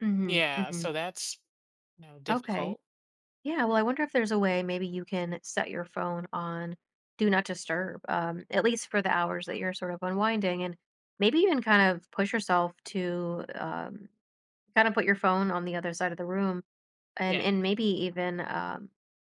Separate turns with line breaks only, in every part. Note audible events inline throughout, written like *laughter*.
Mhm,
Yeah,
mhm.
so, that's, you know,
Okay.
difficult.
Yeah, well, I wonder if there's a way maybe you can set your phone on Do Not Disturb, um, at least for the hours that you're sort of unwinding and maybe even kind of push yourself to, um, kinda put your phone on the other side of the room. And
Yeah.
and maybe even, um,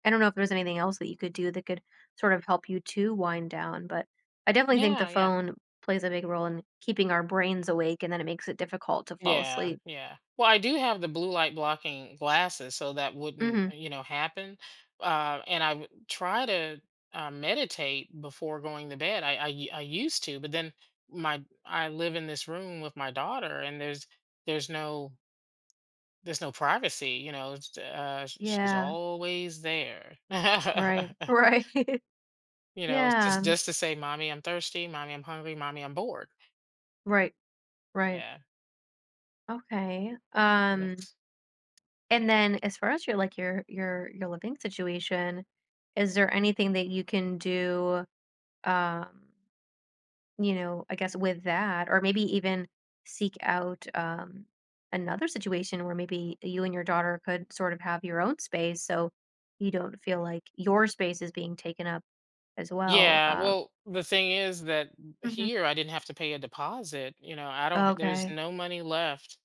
I don't know if there's anything else that you could do that could sort of help you to wind down, but I definitely think the
Yeah, yeah.
phone plays a big role in keeping our brains awake and then it makes it difficult to fall
Yeah,
asleep.
yeah. Well, I do have the blue-light-blocking glasses, so that wouldn't,
Mhm.
you know, happen. Uh, and I wou try to, um, meditate before going to bed. I I u I used to, but, then, my I live in this room with my daughter and there's there's no there's no privacy, you know, s uh, sh she's
Yeah.
always there.
Right.
*chuckles*
Right.
You know, jus
Yeah.
just to say, "Mommy, I'm thirsty. Mommy, I'm hungry. Mommy, I'm bored."
Right. Right.
Yeah.
Okay.
So,
Um
that's
and, then, as far as your, like, your your your living situation, is there anything that you can do, um you know, I guess with that or maybe even seek out, um, another situation where maybe y you and your daughter could sort of have your own space so you don't feel like your space is being taken up as well,
Yeah,
um
well, the thing is that m
Mhm.
here I didn't have to pay a deposit. You know, I don't h there's
Okay.
no money left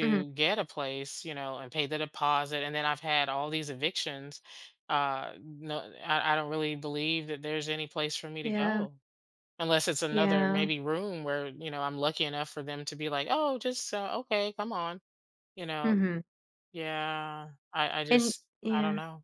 Mhm.
get a place, you know, and pay the deposit, and then I've had all these evictions. Uh, no, I I don't really believe that there's any place for me to
Yeah.
go, unless it's another,
Yeah.
maybe, room where, you know, I'm lucky enough for them to be like, "Oh, just, uh, okay, come on." You know?
Mhm.
Yeah. I I
And
just I don't
yeah.
know.